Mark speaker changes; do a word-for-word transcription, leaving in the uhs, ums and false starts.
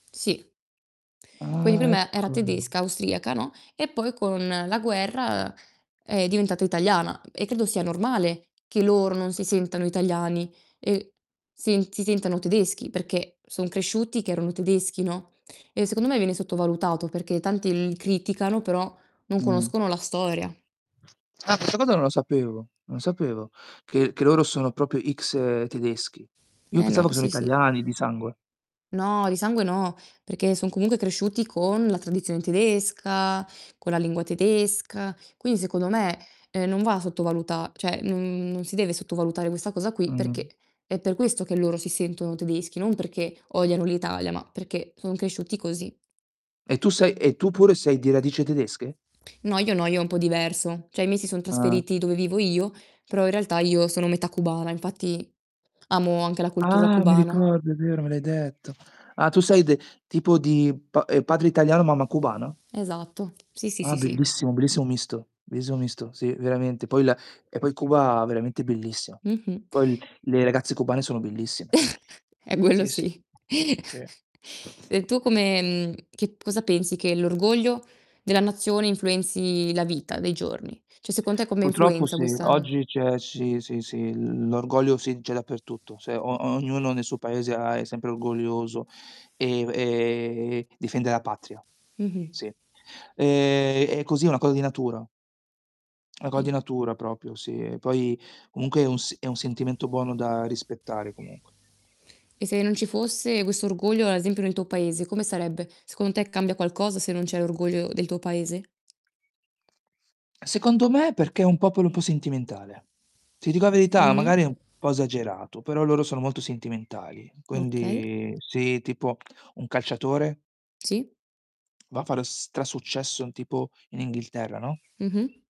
Speaker 1: Sì. Quindi
Speaker 2: Ah,
Speaker 1: prima era
Speaker 2: ecco.
Speaker 1: tedesca, austriaca no, e poi con la guerra, uhm, è diventata italiana e credo sia normale che loro non si sentano italiani, ehm, sen si sentano tedeschi perché, son cresciuti che erano tedeschi, no, e secondo me viene sottovalutato, perché tanti li criticano però, non
Speaker 2: Mh-mh.
Speaker 1: conoscono la storia.
Speaker 2: Ah, questa cosa non lo sapevo non sapevo che che loro sono propio X tedeschi. Io
Speaker 1: Eh no,
Speaker 2: pensavo che sono
Speaker 1: sì, sì.
Speaker 2: italiani di sangue.
Speaker 1: No, di sangue no, perché son comunque cresciuti con la tradizione tedesca, con la lingua tedesca. quini secondo me, ehm, non va sottovaluta ceh non non si deve sottovalutare questa cosa qui
Speaker 2: Mh-mh.
Speaker 1: perché è per questo che loro si sentono tedeschi, non perché odiano l'Italia, ma perché sono cresciuti così.
Speaker 2: E tu sei e tu pure sei di radice tedesche?
Speaker 1: No, io no, io è un po' diverso. ceh i miei si sono
Speaker 2: Ah.
Speaker 1: trasferiti dove vivo io, però in realtà io sono metà cubana, infatti amo anche la cultura
Speaker 2: Ah, mi
Speaker 1: cubana.
Speaker 2: ricordo, è vero, me l'hai detto. Ah, tu sei de tipo di pa ehm, padre italiano, mamma cubana?
Speaker 1: Esatto. Sì, sì,
Speaker 2: Ah
Speaker 1: sì, sì.
Speaker 2: bellissimo, bellissimo misto, bellissimo misto. Sì, veramente. Poi la e poi Cuba veramente bellissimo.
Speaker 1: Mh-mh.
Speaker 2: Poi le ragazze cubane sono bellissime.
Speaker 1: Eh quello
Speaker 2: Sì, sì.
Speaker 1: sì.
Speaker 2: Sì.
Speaker 1: E tu come mhmm, che cosa pensi che l'orgoglio della nazione influenzi la vita dei giorni? Cioè, secon te come
Speaker 2: putroppo
Speaker 1: influenza
Speaker 2: sì,
Speaker 1: questa, n
Speaker 2: oggi c'è sì, sì, sì, l l'orgoglio sì, c'è dappertutto. Se o ognuno ne suo Paese ha è sempre orgoglioso, ehm, e difende la patria,
Speaker 1: Mh-mh.
Speaker 2: sì. Ehm, è così, è una cosa di natura. Una coa di
Speaker 1: Sì.
Speaker 2: natura propio, sì. E poi comunque è un s è un sentimento buono da rispettare comunque.
Speaker 1: E se non ci fosse questo orgoglio, ad esempio nel tuo Paese, come sarebbe? Secondo te cambia qualcosa se non c'è l'orgoglio del tuo Paese?
Speaker 2: Secondo me perché è un popolo un po' sentimentale. Ti dico la verità,
Speaker 1: Mh-mh.
Speaker 2: magari è un po' esagerato, però loro sono molto sentimentali.
Speaker 1: Okay.
Speaker 2: Quindi sì, tipo un calciatore
Speaker 1: Sì.
Speaker 2: va a fare stra-successo tipo in Inghilterra, no?
Speaker 1: Mh-mh.